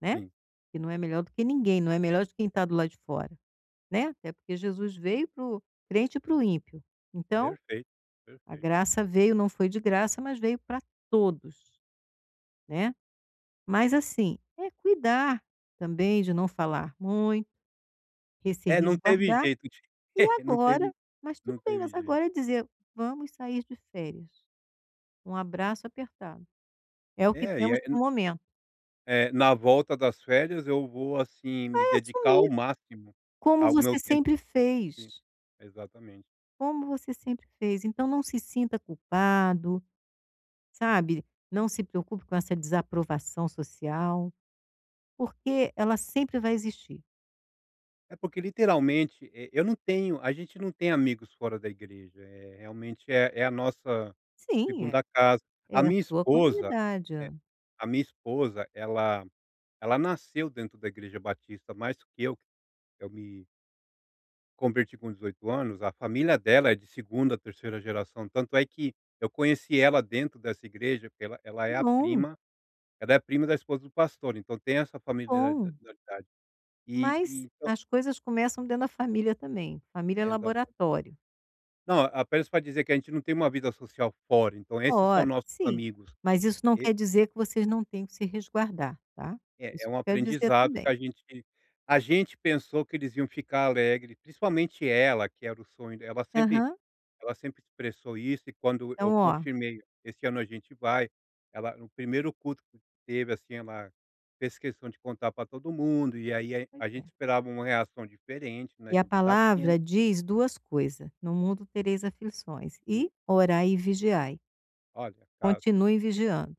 Né. Sim. Porque não é melhor do que ninguém, não é melhor de quem tá do lado de fora, né, até porque Jesus veio para o crente e para o ímpio. Então, Perfeito, a perfeito. graça veio, não foi de graça, mas veio pra todos, né. Mas, assim, é cuidar também de não falar muito e se É não teve resguardar, jeito, ti e não teve agora mas não tudo bem, teve mas jeito. agora é dizer: "Vamos sair de férias, um abraço apertado, é o que É e temos para aí o momento". É, na volta das férias eu vou assim, Vai me dedicar ao assumir, máximo como ao meu você tempo sempre Sim, fez. exatamente. Como você sempre fez, então não se sinta culpado, sabe, não se preocupe com essa desaprovação social, porque ela sempre vai existir. É porque literalmente, e eu não tenho a gente não tem amigos fora da igreja, eh, realmente é é a nossa Sim, é segunda casa. A é minha sua esposa comunidade. eh, Hã. a minha esposa, ela ela nasceu dentro da igreja Batista mais do que eu que eu me converti com 18 anos, a família dela é de 2ª,, 3ª geração, tanto é que eu conheci ela dentro dessa igreja porque ela ela Que é a bom! prima ela é a prima da esposa do pastor, então, tem essa Que familia da bom! dade, e e Mas então. as coisas começam dentro da família também. Família é Exata laboratório. Não, apenas pra dizer que a gente não tem uma vida social fora, então, esses são Fora, nossos sim, amigos, mas isso não e quer dizer que vocês não tenham que se resguardar, tá? É Isso é um que quero dizer aprendizado, que também. a gente a gente pensou que eles iam ficar alegre, principalmente ela, que era o sonho de ela sempre Aham. ela sempre expressou isso e quando eu Então, ó confirmei: "Esse ano a gente vai". Ela no primeiro culto que teve, assim, ela fez questão de contar pra todo mundo e aí aí Pois a gente é. esperava uma reação diferente, né, E a do que tá tendo. palavra diz 2 coisa: "No mundo tereis aflições" Sim. e "orai e vigiai". Olha, tá se Continue vigiando.